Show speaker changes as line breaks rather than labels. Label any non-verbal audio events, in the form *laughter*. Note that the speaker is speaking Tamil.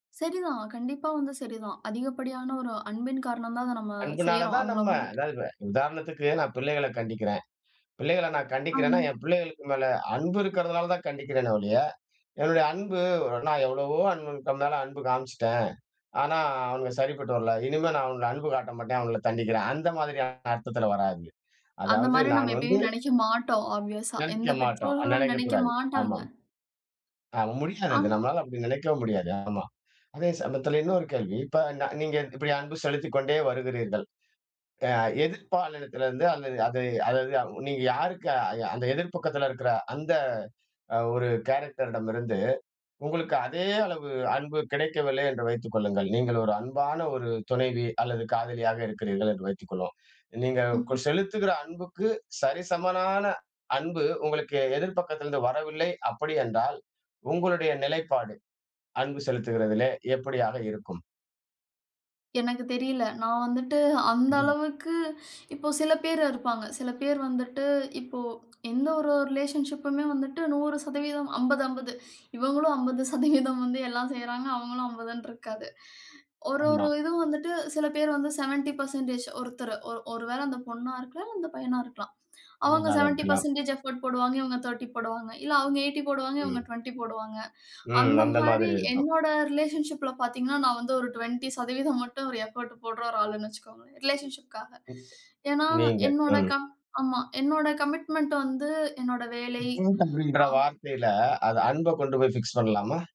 சரிதான். கண்டிப்பா வந்து சரிதான். அதிகப்படியான ஒரு அன்பின் காரணம் தான், அத நம்ம
அன்புனால
செய்யறோம்.
தான்
அவுங்கள
நம்ம.
வந்துட்டு
அதாவது இப்ப, உதாரணத்துக்கு நான் பிள்ளைகள கண்டிக்கிறேன். பிள்ளைகள நான்
ஆ.
கண்டிக்கிறேன்னா என் பிள்ளைகளுக்கு மேல அன்பு இருக்கிறதுனால தான் கண்டிக்கிறேனே ஒழிய, என்னுடைய அன்பு ஒரு நான் எவ்வளவோ அன்பு *unintelligible* மேல அன்பு காமிச்சிட்டேன், ஆனா அவனுங்க சரிப்பட்டு வரல, இனிமே நான் அவங்கள அன்பு காட்ட மாட்டேன், அவுங்கள தண்டிக்கிறேன். அந்த மாதிரியான அர்த்தத்துல வராது. அதாவது
அந்தமாரி
நான்
நம்ம
வந்து
எப்பயும் நெனைக்க மாட்டோம் ஆப்வியஸ்சா எந்த
நெனைக்க மாட்டோம். ஆ
பெற்றோர்களும் நெனைக்க
நெனைக்கக்கூடாது. ஆமா.
மாட்டாங்க.
ஆமா. முடியாது அது.
ஆ.
நம்மனால அப்பிடி நெனைக்கவும் முடியாது. ஆமா. அதே சமயத்தில இன்னொரு கேள்வி. இப்ப ந நீங்க இப்பிடி அன்பு செலுத்திக்கொண்டே வருகிறீர்கள். அ எதிர்ப்பாலினத்திலிருந்து, அல்லது அது அதாவது நீங்க யாருக்கு அ அந்த எதிர் பக்கத்தில இருக்கிற அந்த அ ஒரு கேரக்டர் இடமிருந்து, உங்களுக்கு அதே அளவு அன்பு கிடைக்கவில்லை என்று வைத்துக் கொள்ளுங்கள். நீங்க ஒரு அன்பான ஒரு துணைவி, அல்லது காதலியாக இருக்கிறீர்கள் என்று வைத்துக் கொள்வோம், நீங்க கொ
ம்ஹ்ம்.
செலுத்துகிற அன்புக்கு, சரிசமனான அன்பு உங்களுக்கு எதிர் பக்கத்தில இருந்து வரவில்லை அப்பிடி என்றால், உங்களுடைய நிலைப்பாடு, அன்பு செலுத்துகிறதிலே, எப்படியாக இருக்கும்?
எனக்குத் தெரியல. நான் வந்துட்டு அந்த
ம்.
அளவுக்கு இப்போ சில பேர் இருப்பாங்க. சில பேர் வந்துட்டு, இப்போ எந்த ஒரு, ஒரு ரிலேஷன்ஷிப்புமே வந்துட்டு 100%, 50, 50 இவுங்களும் 50% வந்து எல்லாம் செய்றாங்க, அவுங்களும் 50ன்னுருக்காது. ஒரு, ஒரு
ஆமா.
இதுவும் வந்துட்டு சில பேர் வந்து 70% ஒருத்தரு, ஒ ஒருவேள அந்த பொண்ணா இருக்கலாம், இல்ல அந்த பையனா இருக்கலாம். அவுங்க
வீணாக
செவண்டி
இருக்கலாம்.
பெர்ஸன்டேஜ் எஃபோர்ட் போடுவாங்க, இவங்க 30 போடுவாங்க. இல்ல அவங்க 80 போடுவாங்க, இவங்க
ம்.
20 போடுவாங்க.
ம், அந்த
அந்தமாரி
மாதிரி இருக்கும்.
என்னோட ரிலேஷன்ஷிப்ல பார்த்தீங்கனா, நான் வந்து ஒரு 20% மட்டும் ஒரு எஃபோர்ட் போட்ற ஒரு ஆளுன்னு வச்சுக்கோங்களேன், ரிலேஷன்ஷிப்காக.
*unintelligible*
ஏன்னா,
நீங்க,
என்னோட
ம்.
கம் ஆமா, என்னோட கமிட்மென்ட் வந்து என்னோட வேலை
*unintelligible*
ஆ.
வார்த்தையில, அது அன்பக் கொண்டு போய் பிக்ஸ் பண்ணலாமா?